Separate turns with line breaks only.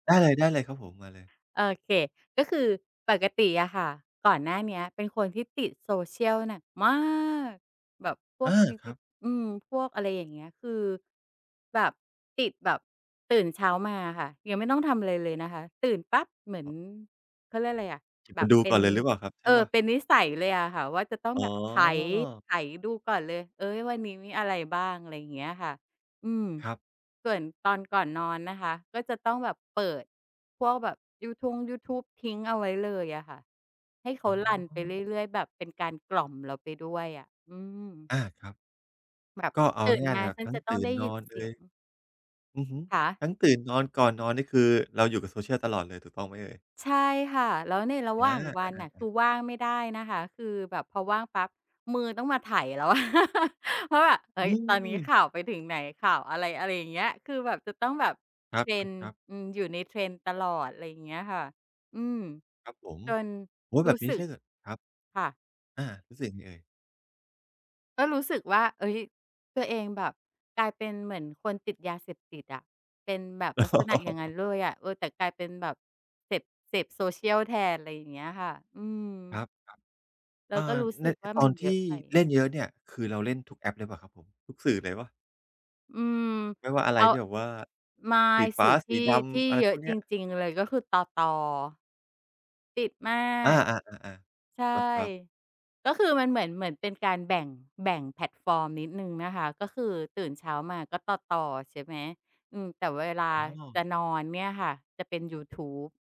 เออ ได้เลยครับผม มาเลย
โอเค ก็คือปกติอะค่ะ ก่อนหน้าเนี้ยเป็นคนที่ติด Social หนักมาก แบบพ
เ
ว
ออ
ก
ครับ
[unintelligible] อืม พวก อะไรอย่างเงี้ย คือ แบบติดแบบ ตื่นเช้ามาอะค่ะ ยังไม่ต้องทำอะไรเลยนะคะ ตื่นปั๊บเหมือน
ครับ
เขาเรียกอะไรอะ
เก็บ
แบ
มา
บ
ดู
เป็
ก่อ
น
นเลยหรือเปล่าครับ ใช
เอ
่เป
อ
ล่า?
เป็นนิสัยเลยอะค่ะว่า จะต้อง
อ๋
แบบไถ
อ
ไถดูก่อนเลย เออ วันนี้มีอะไรบ้าง อะไรอย่างเงี้ยค่ะ อืม
ครับ
ส่วนตอนก่อนนอนนะคะ ก็จะต้องแบบเปิดพวกแบบยูทงยูทูบ ทิ้งเอาไว้เลยอะค่ะ ให้เข
อ
า
๋อ
รันไปเรื่อย ๆ แบบเป็นการกล่อมเราไปด้วยอะ อืม
อา ครับ
แบบ
ก็เอา
ตื่น
ง่าย ๆ
ม
เล
า
ยครั
ฉ
บ
ัน
ทั้
จ
ง
ะต้
ต
อง
ื่
ได
น
้
น
ยิ
อ
น
น
เ
เอ
สี
ย
ยง
อือฮึ
คะ?
ทั้งตื่นนอน ก่อนนอนนี่ คือเราอยู่กับ Social ตลอดเลย ถูกต้องไหมเอ่ย?
ใช่ค่ะ แล้วในระ
อ
หว่างวันน่ะ คื
า ๆ ๆ
อว่างไม่ได้นะคะ คือแบบพอว่างปั๊บ มือต้องมาไถ่แล้วอะ ว่าแบบ เฮ้
อื
ย ตอนนี้ข
ม
่าวไปถึงไหน ข่าวอะไร อะไรอย่างเงี้ย คือแบบจะต้องแบบ
ครั
trend
บ ๆ ๆ
อืม อยู่ใน trend ตลอด ไรอย่างเงี้ยค่ะ อืม
ครับผม
จน
โอ๊ย
ร
แบ
ู้
บน
ส
ี้
ึ
ใช
ก
่เหรอ? ครับ
ค่ะ
อา รู้สึกไงเอ่ย?
ก็รู้สึกว่า เฮ้ย ตัวเองแบบกลายเป็นเหมือนคนติดยาเสพติดอะ เป็นแบบ
อ
ลักษณะอย่างงั้
๋
น
อ
เลยอะ เออ แต่กลายเป็นแบบเสพ เสพ Social แทน ไรอย่างเงี้ยค่ะ อื
ค
ม
รับ
เร
ๆ อ
า
่
ก็
า
รู้
ใ
ส
น
ึกว่า
ต
ม
อ
ั
น
น
ท
เยอ
ี
ะ
่
ไป
เล่นเยอะเนี่ย คือเราเล่นทุกแอปหรือเปล่าครับผม ทุกสื่อเลยเปล่า?
อืม
ไม่ว่าอะ
เ
ไ
อ
ร
า
ที่แบบว่า
ไม่
สีฟ
สื
้า
่อท
สี
ี่
ด
ที่
ำ อะไร
เยอ
พ
ะ
วกเน
จ
ี้ย
ริง ๆ เลย ก็คือ ต.ต. ติดมา
อา
ก
ๆ
ใ
ๆ
ช่
ๆ ครับ ๆ
ก็คือมันเหมือน เหมือนเป็นการแบ่ง แบ่งแพลตฟอร์มนิดหนึ่งนะคะ ก็คือตื่นเช้ามาก็ ต.ต. ใช่ไหม อืม แต่เวลา
อ๋อ
จะนอนเนี่ยค่ะ จะเป็นยูทูบ